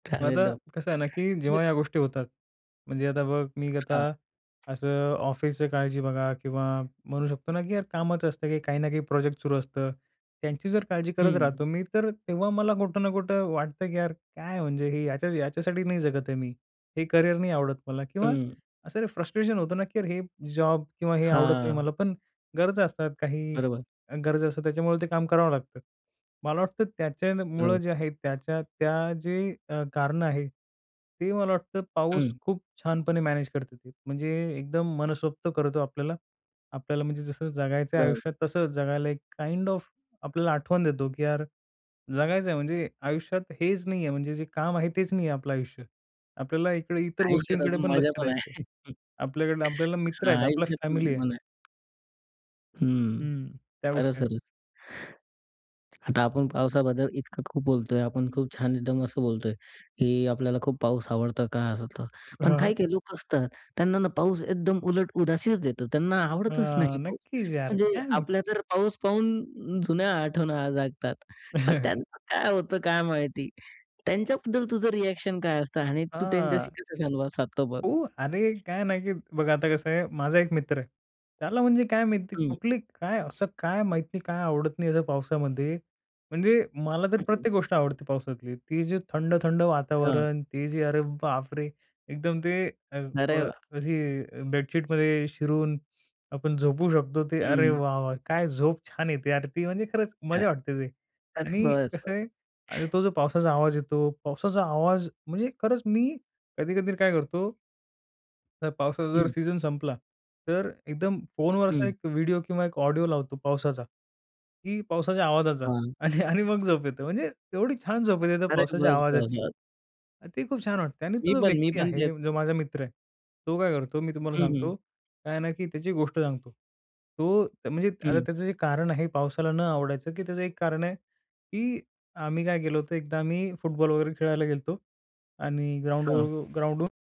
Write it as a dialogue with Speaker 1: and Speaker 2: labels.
Speaker 1: मग आता
Speaker 2: [unintelligible] म्हणजे
Speaker 1: कसं आहे ना, की जेव्हा या गोष्टी होतात. म्हणजे आता बघ, मी आता
Speaker 2: हां.
Speaker 1: असं अ, ऑफिसच काळजी बघा किंवा म्हणू शकतो ना, की यार कामच असतं की काही ना काही प्रोजेक्ट सुरू असतं. त्यांची जर काळजी करत
Speaker 2: हं.
Speaker 1: राहतो मी तर तेव्हा मला कुठं ना कुठं वाटतं, की यार काय म्हणजे हे याच्या याच्यासाठी नाही जगत आहे मी. हे करियर नाही आवडत मला किंवा
Speaker 2: हं.
Speaker 1: असं फ्रस्ट्रेशन होतं ना, की यार हे जॉब किंवा हे आवडत नाही
Speaker 2: हां.
Speaker 1: मला. पण गरजा असतात काही
Speaker 2: बरोबर.
Speaker 1: गरजा असतात त्याच्यामुळे ते काम करावं लागतं. मला वाटतं, त्याच्यामुळं
Speaker 2: बरोबर.
Speaker 1: जे आहे त्याच्या त्या जे अ, कारणं आहे ते मला वाटतं, पाऊस
Speaker 2: हं.
Speaker 1: खूप छानपणे मॅनेज करते ते. म्हणजे एकदम मनसोक्त करतो आपल्याला, आपल्याला म्हणजे जसं जगायचं आहे
Speaker 2: बरोबर.
Speaker 1: आयुष्यात. तसं जगायला एक काइंड ऑफ आपल्याला आठवण देतो, की यार जगायचं आहे म्हणजे आयुष्यात हेच नाही आहे. म्हणजे जे काम आहे तेच नाही आहे आपलं आयुष्य. आपल्याला इकडे इतर
Speaker 2: आयुष्यात
Speaker 1: गोष्टींकडे
Speaker 2: अजून
Speaker 1: पण
Speaker 2: मजा
Speaker 1: लक्ष
Speaker 2: पण
Speaker 1: द्यायचं
Speaker 2: आहे.
Speaker 1: आपल्याकडे आपल्याला मित्र
Speaker 2: हां,
Speaker 1: आहेत. आपला
Speaker 2: आयुष्यात मजा
Speaker 1: फॅमिली आहे.
Speaker 2: पण आहे. हं,
Speaker 1: हं. त्या
Speaker 2: खरंच,
Speaker 1: गोष्टी आहे,
Speaker 2: खरंच. आता आपण पावसाबद्दल इतकं खूप बोलतोय आपण खूप छान एकदम असं बोलतोय, की आपल्याला खूप पाऊस आवडतं का असं तर पण
Speaker 1: हां, हां.
Speaker 2: काही-काही लोक असतात. त्यांना ना पाऊस एकदम उलट उदासीच देतो. त्यांना आवडतच नाही
Speaker 1: हां,
Speaker 2: पाऊस.
Speaker 1: नक्कीच यार.
Speaker 2: म्हणजे
Speaker 1: काय माहीत?
Speaker 2: आपल्या जर पाऊस पाहून जुन्या आठवण जागतात. मग त्यांचं काय होतं काय माहिती, त्यांच्याबद्दल तुझं रिएक्शन काय असतं? आणि तू
Speaker 1: हां.
Speaker 2: त्यांच्याशी कसं संवाद साधतो बघ?
Speaker 1: हो, अरे! काय आहे ना, की बघा आता कसं आहे, माझा एक मित्र आहे. त्याला म्हणजे काय माहिती नाही
Speaker 2: हं.
Speaker 1: कुठली काय असं, काय माहीत नाही काय आवडत नाही असं पावसामध्ये. म्हणजे मला तर
Speaker 2: हं.
Speaker 1: प्रत्येक गोष्ट आवडते पावसातली. ते जे थंड-थंड
Speaker 2: हं.
Speaker 1: वातावरण. ते जे अरे बाप रे! एकदम ते अ,
Speaker 2: अरे
Speaker 1: अ,
Speaker 2: वाह!
Speaker 1: अशी बेडशीटमध्ये शिरून आपण झोपू शकतो. ते अरे
Speaker 2: हं.
Speaker 1: वाह! वाह! काय झोप छान येते. अरे! ती म्हणजे खरंच
Speaker 2: काय,
Speaker 1: मजा वाटते ते
Speaker 2: अरे
Speaker 1: आणि
Speaker 2: बस
Speaker 1: कसं आहे
Speaker 2: बस.
Speaker 1: आणि तो जो पावसाचा आवाज येतो. पावसाचा आवाज म्हणजे खरंच मी कधी-कधी काय करतो. तर पावसाचा जर
Speaker 2: हं.
Speaker 1: सीझन संपला तर एकदम फोनवरचा
Speaker 2: हं.
Speaker 1: एक व्हिडिओ किंवा एक ऑडिओ लावतो पावसाचा, की पावसाच्या आवाजाचा
Speaker 2: हां.
Speaker 1: आणि आणि मग झोप येते. म्हणजे एवढी छान झोप येते तर
Speaker 2: अरे!
Speaker 1: पावसाच्या
Speaker 2: बस, बस,
Speaker 1: आवाजाची.
Speaker 2: बस.
Speaker 1: ते खूप छान वाटते आणि
Speaker 2: मी
Speaker 1: तो जो
Speaker 2: पण. मी
Speaker 1: व्यक्ती
Speaker 2: पण
Speaker 1: आहे
Speaker 2: तेच
Speaker 1: जो माझा मित्र आहे, तो काय करतो मी तुम्हाला
Speaker 2: हं, हं.
Speaker 1: सांगतो. काय आहे ना की त्याची गोष्ट सांगतो, तो म्हणजे आता
Speaker 2: हं.
Speaker 1: त्याचं जे कारण आहे पावसाला न आवडायचं, की त्याचं एक कारण आहे, की आम्ही काय गेलो होतो एकदा आम्ही फुटबॉल वगैरे खेळायला गेलो आणि
Speaker 2: हां.
Speaker 1: ग्राऊंडवर ग्राऊंडवरून